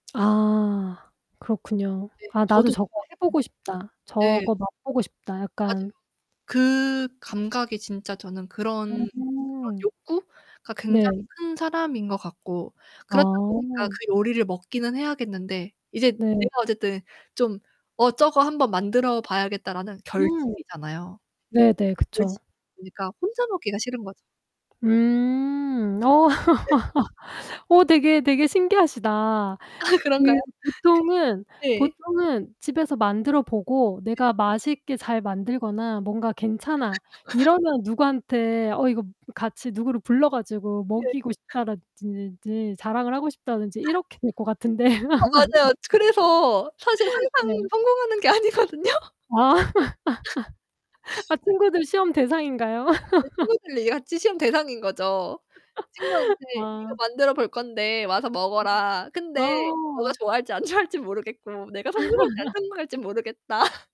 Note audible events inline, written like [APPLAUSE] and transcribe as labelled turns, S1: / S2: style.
S1: 아, 그렇군요.
S2: 네
S1: 아 나도
S2: 저도
S1: 저거 해보고 싶다.
S2: 그것을 네.
S1: 저거 맛보고 싶다.
S2: 맞아요.
S1: 약간
S2: 그 감각이 진짜 저는 그런 그런
S1: 음.
S2: 욕구가 굉장히
S1: 네.
S2: 큰 사람인 것 같고. 그렇다 보니까
S1: 아.
S2: 그 요리를 먹기는 해야겠는데 이제
S1: 네.
S2: 내가 어쨌든 좀 '어, 저거 한번 만들어봐야겠다.'라는
S1: 음.
S2: 결심이잖아요.
S1: 네네, 그쵸.
S2: 결심이니까 혼자 먹기가 싫은 거죠.
S1: 음. 어.
S2: 네.
S1: [LAUGHS] 어 되게 되게 신기하시다.
S2: 아,
S1: 그
S2: 그런가요?
S1: 보통은
S2: 네.
S1: 보통은 집에서 만들어 보고
S2: 예.
S1: 내가 맛있게 잘 만들거나 뭔가 괜찮아.
S2: [LAUGHS]
S1: 이러면 누구한테 어 이거 같이 누구를 불러 가지고
S2: 네.
S1: 먹이고 싶다라 든 지 자랑을 하고 싶다든지 이렇게 될 것 같은데.
S2: 아, 맞아요.
S1: [LAUGHS]
S2: 그래서 사실 항상
S1: 네.
S2: 성공하는 게 아니거든요.
S1: 아. [LAUGHS] 아
S2: [UNINTELLIGIBLE]
S1: 친구들 시험 대상인가요?
S2: 아 제
S1: [LAUGHS]
S2: 친구들이 같이 시험 대상인 거죠. 친구한테
S1: [LAUGHS]
S2: "이거
S1: 아.
S2: 만들어 볼 건데 와서 먹어라. 근데 너가
S1: 아.
S2: 좋아할지 안 좋아할진 모르겠고 내가 성공할지 안
S1: [LAUGHS]
S2: 성공할진 모르겠다." [LAUGHS]